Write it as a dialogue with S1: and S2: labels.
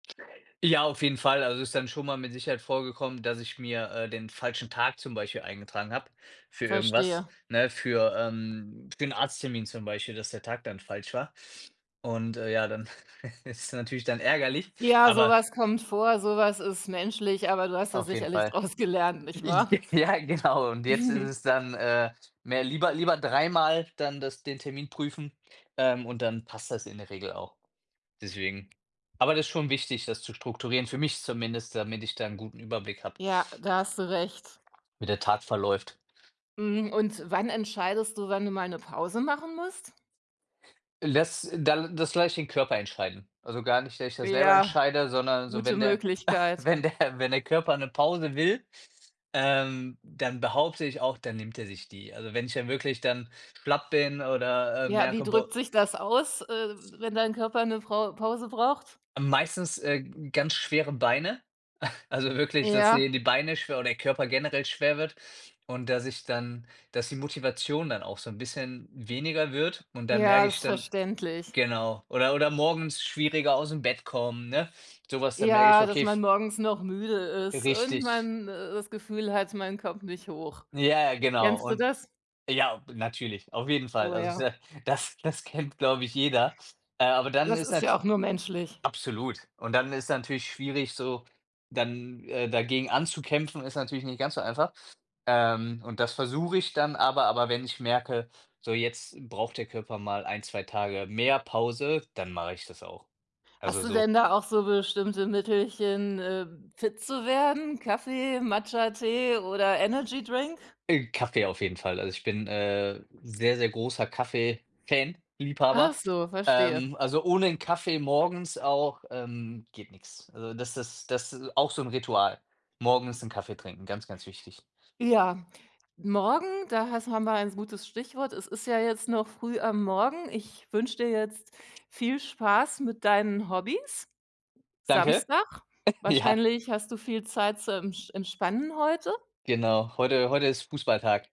S1: Ja, auf jeden Fall. Also, es ist dann schon mal mit Sicherheit vorgekommen, dass ich mir, äh, den falschen Tag zum Beispiel eingetragen habe für irgendwas,
S2: Verstehe.
S1: ne? Für ähm, für 'n Arzttermin zum Beispiel, dass der Tag dann falsch war. Und, äh, ja, dann ist es natürlich dann ärgerlich,
S2: Ja,
S1: aber
S2: sowas kommt vor, sowas ist menschlich, aber du hast da
S1: Auf jeden
S2: sicherlich
S1: Fall.
S2: draus gelernt, nicht
S1: Ich g
S2: wahr?
S1: ja, genau. Und jetzt ist es dann, äh, mehr lieber lieber dreimal dann das den Termin prüfen, ähm, und dann passt das in der Regel auch deswegen. Aber das ist schon wichtig, das zu strukturieren, für mich zumindest, damit ich da 'n guten Überblick habe
S2: Ja, da hast du recht.
S1: wie der Tag verläuft.
S2: Hm, und wann entscheidest du, wann du mal 'ne Pause machen musst?
S1: Les da das lasse ich den Körper entscheiden. Also, gar nicht, dass ich das selber
S2: Ja,
S1: entscheide, sondern so,
S2: gute
S1: wenn der
S2: Möglichkeit.
S1: wenn der wenn der Körper 'ne Pause will, ähm, dann behaupte ich auch, dann nimmt er sich die. Also, wenn ich ja wirklich dann schlapp bin oder, äh,
S2: Ja, wie
S1: merke, bo
S2: drückt sich das aus, äh, wenn dein Körper 'ne Pa Pause braucht?
S1: Meistens, äh, g ganz schwere Beine, also wirklich, dass die
S2: Ja.
S1: die Beine schwer oder der Körper generell schwer wird und, dass ich dann dass die Motivation dann auch so 'n bisschen weniger wird und dann
S2: Ja,
S1: merke
S2: ist
S1: ich dann
S2: verständlich.
S1: genau. Oder oder morgens schwieriger aus'm Bett kommen, ne? So was, da merke ich:
S2: Ja, dass
S1: „Okay,
S2: man
S1: f“
S2: morgens noch müde ist und
S1: Richtig.
S2: man das Gefühl hat, man kommt nicht hoch.
S1: Ja, ja, genau
S2: Kennst du
S1: und
S2: das?
S1: ja, na natürlich, auf jeden Fall.
S2: Oh,
S1: Also, ist
S2: ja.
S1: ja das das kennt, glaube ich, jeder, äh, aber dann
S2: Das
S1: ist
S2: ist ja
S1: halt
S2: auch nur menschlich.
S1: absolut. Und dann ist natürlich schwierig, so, dann, äh, dagegen anzukämpfen ist natürlich nicht ganz so einfach. Ähm, und das versuche ich dann aber aber wenn ich merke: „So jetzt braucht der Körper mal 1, 2 Tage mehr Pause“, dann mache ich das auch. Also,
S2: Hast du
S1: so
S2: denn da auch so bestimmte Mittelchen, äh, fit zu werden? Kaffee, Matcha, Tee oder Energydrink?
S1: Äh, Kaffee auf jeden Fall. Also, ich bin, äh, sehr, sehr großer Kaffee Fan,
S2: Ach
S1: Liebhaber.
S2: so, verstehe.
S1: Ähm, also, ohne 'nen Kaffee morgens auch, ähm, geht nix. Also, das ist das ist auch so 'n Ritual. Morgens 'n Kaffee trinken, ganz, ganz wichtig.
S2: Ja, morgen, da has haben wir ein gutes Stichwort. Es ist ja jetzt noch früh am Morgen. Ich wünsche dir jetzt viel Spaß mit deinen Hobbys.
S1: Danke.
S2: Samstag.
S1: Ja.
S2: Wahrscheinlich hast du viel Zeit zum ensch entspannen heute?
S1: Genau, heute heute ist Fußballtag.